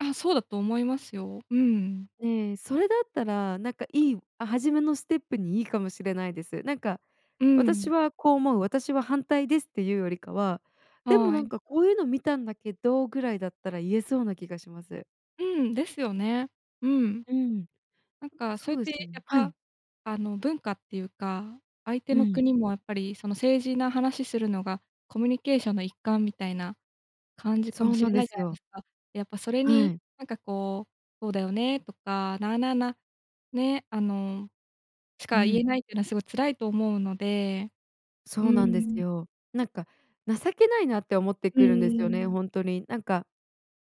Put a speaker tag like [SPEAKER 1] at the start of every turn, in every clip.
[SPEAKER 1] あ、そうだと思いますよ。うん。
[SPEAKER 2] ええ、それだったらなんかいいあ、初めのステップにいいかもしれないです。なんか
[SPEAKER 1] うん。
[SPEAKER 2] 「私はこう思う、私は反対です」って言うよりかは「でも
[SPEAKER 1] は
[SPEAKER 2] なん
[SPEAKER 1] い。
[SPEAKER 2] かこういうの見たんだけど」ぐらいだったら言えそうな気がします。
[SPEAKER 1] うん、ですよね。うん。
[SPEAKER 2] うん。
[SPEAKER 1] なんかそ
[SPEAKER 2] そ
[SPEAKER 1] うや
[SPEAKER 2] う
[SPEAKER 1] っ
[SPEAKER 2] で
[SPEAKER 1] て
[SPEAKER 2] すよ
[SPEAKER 1] や
[SPEAKER 2] ね。
[SPEAKER 1] っ
[SPEAKER 2] は
[SPEAKER 1] ぱ、
[SPEAKER 2] い。
[SPEAKER 1] あの文化っていうか、相手
[SPEAKER 2] う
[SPEAKER 1] の
[SPEAKER 2] ん。
[SPEAKER 1] 国もやっぱりその政治の話するのがコミュニケーションの一環みたいな感じ
[SPEAKER 2] そ
[SPEAKER 1] かも
[SPEAKER 2] う
[SPEAKER 1] し
[SPEAKER 2] な
[SPEAKER 1] れ
[SPEAKER 2] んで
[SPEAKER 1] ないじ
[SPEAKER 2] す
[SPEAKER 1] ゃないで
[SPEAKER 2] よ。
[SPEAKER 1] すか。やっぱそれ
[SPEAKER 2] は
[SPEAKER 1] に
[SPEAKER 2] い。
[SPEAKER 1] なんかこう「そうだよね」とか、なあなあな、ね、あのし
[SPEAKER 2] う
[SPEAKER 1] か言
[SPEAKER 2] ん。
[SPEAKER 1] えないっていうのはすごい辛いと思うので、う
[SPEAKER 2] そうなんです
[SPEAKER 1] ーん。
[SPEAKER 2] よ。なんか情けないなって思って
[SPEAKER 1] う
[SPEAKER 2] くるんですよね
[SPEAKER 1] ーん。
[SPEAKER 2] 本当に。なんか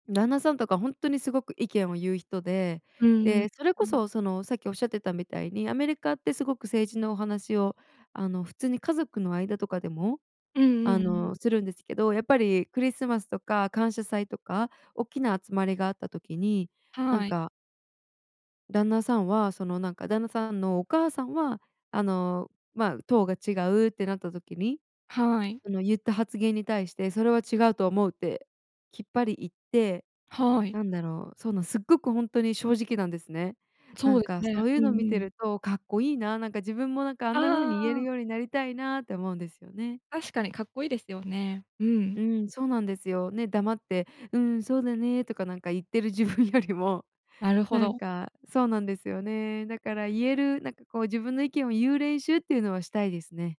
[SPEAKER 2] 旦那さんとかほんとにすごく意見を言う人で。
[SPEAKER 1] うんうん。
[SPEAKER 2] で、それこ
[SPEAKER 1] うん。
[SPEAKER 2] そそのさっきおっしゃってたみたいにアメリカってすごく政治のお話を、あの普通に家族の間とかでも、
[SPEAKER 1] う
[SPEAKER 2] あ
[SPEAKER 1] んうん。
[SPEAKER 2] のするんですけど、やっぱりクリスマスとか感謝祭とかおっきな集まりがあった時に、なん
[SPEAKER 1] はい。
[SPEAKER 2] か旦那さんはそのなんか旦那さんのお母さんはあの、まあ党が違うってなった時に、
[SPEAKER 1] はーい。
[SPEAKER 2] あの言った発言に対してそれは違うと思うってきっぱり言って、
[SPEAKER 1] はーい。
[SPEAKER 2] なんだろう、そのすっごくほんとに正直なんですね。な
[SPEAKER 1] そう
[SPEAKER 2] ん
[SPEAKER 1] です
[SPEAKER 2] かそ
[SPEAKER 1] ね。
[SPEAKER 2] ういう
[SPEAKER 1] うん
[SPEAKER 2] の見
[SPEAKER 1] う
[SPEAKER 2] て
[SPEAKER 1] ん。
[SPEAKER 2] るとかっこいいな、なんか自分もなんかあん
[SPEAKER 1] あ
[SPEAKER 2] なふうに言える
[SPEAKER 1] あ。
[SPEAKER 2] ようになりたいなって思うんですよね。
[SPEAKER 1] 確かにかっこいいですよね。うん。
[SPEAKER 2] うん、そうなんですよ。ね、黙って「うん、そうだね」とかなんか言ってる自分よりも
[SPEAKER 1] なるほ
[SPEAKER 2] なん
[SPEAKER 1] ど。
[SPEAKER 2] かそうなんですよね。だから言える、なんかこう自分の意見を言う練習っていうのはしたいですね。